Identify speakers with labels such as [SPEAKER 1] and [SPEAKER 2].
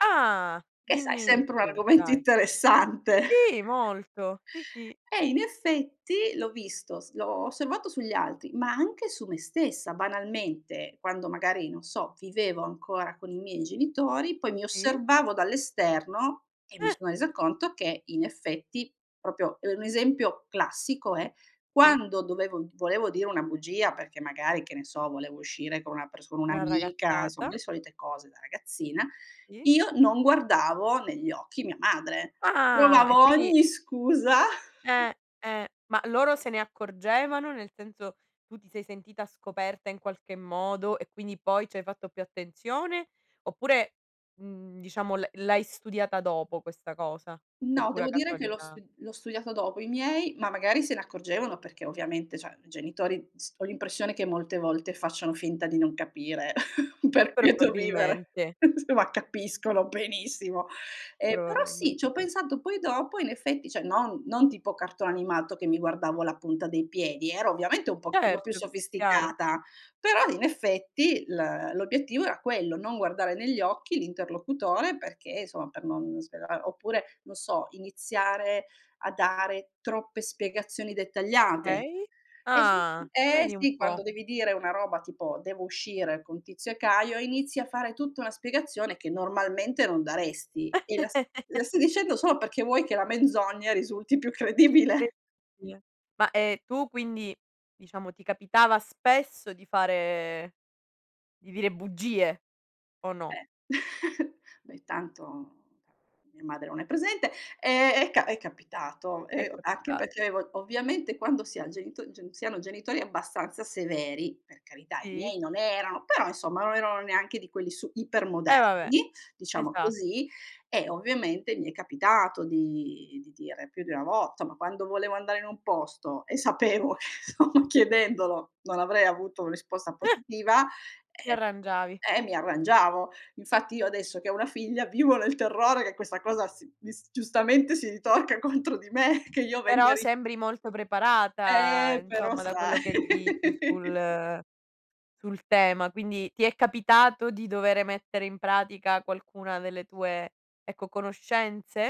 [SPEAKER 1] Ah!
[SPEAKER 2] Che sai,
[SPEAKER 1] Dimmi di
[SPEAKER 2] sempre un
[SPEAKER 1] più,
[SPEAKER 2] argomento
[SPEAKER 1] dai.
[SPEAKER 2] interessante.
[SPEAKER 1] Sì, molto. Sì, sì.
[SPEAKER 2] Eh, in effetti, l'ho visto s l'ho osservato sugli altri, ma anche su me stessa banalmente, quando magari, non so, vivevo ancora con i miei genitori, poi mi
[SPEAKER 1] Sì.
[SPEAKER 2] osservavo dall'esterno e mi
[SPEAKER 1] Eh.
[SPEAKER 2] sono resa conto che, in effetti proprio, uhm, un esempio classico è:
[SPEAKER 1] Sì.
[SPEAKER 2] quando dovevo volevo dire una bugia, perché magari, che ne so, volevo uscire con una perso
[SPEAKER 1] Una
[SPEAKER 2] un'amica, som
[SPEAKER 1] ragazzata.
[SPEAKER 2] le solite cose da ragazzina,
[SPEAKER 1] Sì.
[SPEAKER 2] io non guardavo negli occhi mia madre,
[SPEAKER 1] Ah! E,
[SPEAKER 2] provavo
[SPEAKER 1] quindi
[SPEAKER 2] ogni scusa
[SPEAKER 1] Eh. Eh. Ma loro se ne accorgevano, nel senso, tu ti sei sentita scoperta in qualche modo e quindi poi ci hai fatto più attenzione, oppure, mhmm, diciamo l'ha l'hai studiata dopo questa cosa, per
[SPEAKER 2] No,
[SPEAKER 1] pura
[SPEAKER 2] devo dire che l'ho
[SPEAKER 1] casualità?
[SPEAKER 2] st l'ho studiata dopo. I miei, ma magari se ne accorgevano, perché ovviamente, cioè, i genitori s ho l'impressione che molte volte facciano finta di non capire, per quieto vivere,
[SPEAKER 1] Probabilmente.
[SPEAKER 2] insomma, capiscono benissimo. Ehm, però sì,
[SPEAKER 1] Probabilmente
[SPEAKER 2] c'ho
[SPEAKER 1] sì.
[SPEAKER 2] pensato poi dopo, in effetti, cioè, non non tipo cartone animato che mi guardavo la punta dei piedi, ero ovviamente un pochino più
[SPEAKER 1] Certo, chiaro.
[SPEAKER 2] sofisticata, però, in effetti, l l'obiettivo era quello, non guardare negli occhi l'interlocutore perché, insomma, per non svela oppure, non so, iniziare a dare troppe spiegazioni dettagliate
[SPEAKER 1] Okay. Ah,
[SPEAKER 2] eh,
[SPEAKER 1] vedi un
[SPEAKER 2] sì quando
[SPEAKER 1] po'.
[SPEAKER 2] devi dire una roba tipo: "Devo uscire con Tizio e Caio", e inizi a fare tutta una spiegazione che normalmente non daresti, e la s la stai dicendo solo perché vuoi che la menzogna risulti più
[SPEAKER 1] Cre
[SPEAKER 2] credibile.
[SPEAKER 1] dia Ma, ehm, tu, quindi diciamo, ti capitava spesso di fare di dire bugie, o no?
[SPEAKER 2] Eh, beh, tanto mia madre non è presente, ehm, è ca è capitato,
[SPEAKER 1] È
[SPEAKER 2] ehm, anche
[SPEAKER 1] capita
[SPEAKER 2] perché ov ovviamente quando si ha genito gen si hanno genitori abbastanza severi, per carità i
[SPEAKER 1] Sì.
[SPEAKER 2] miei non erano però insomma non erano neanche di quelli su iper
[SPEAKER 1] Eh, vabbè.
[SPEAKER 2] moderni, diciamo
[SPEAKER 1] Esat
[SPEAKER 2] così, e ovviamente mi è capitato di di dire più di una vo somma quando volevo andare in un posto e sapevo, chiedendolo, non avrei avuto un risposta positiva,
[SPEAKER 1] Ti
[SPEAKER 2] ehm
[SPEAKER 1] arrangiavi.
[SPEAKER 2] eh, mi arrangiavo. Infatti, io adesso che ho una figlia, vivo nel terrore che questa cosa si dis giustamente si ritorca contro di me, che io venga
[SPEAKER 1] Però
[SPEAKER 2] ri
[SPEAKER 1] sembri molto preparata,
[SPEAKER 2] Eh, però
[SPEAKER 1] insomma, da quello
[SPEAKER 2] sai.
[SPEAKER 1] che dici sul sul tema. Quindi, ti è capitato di dovere mettere in pratica qualcuna delle tue, ecco, conoscenze?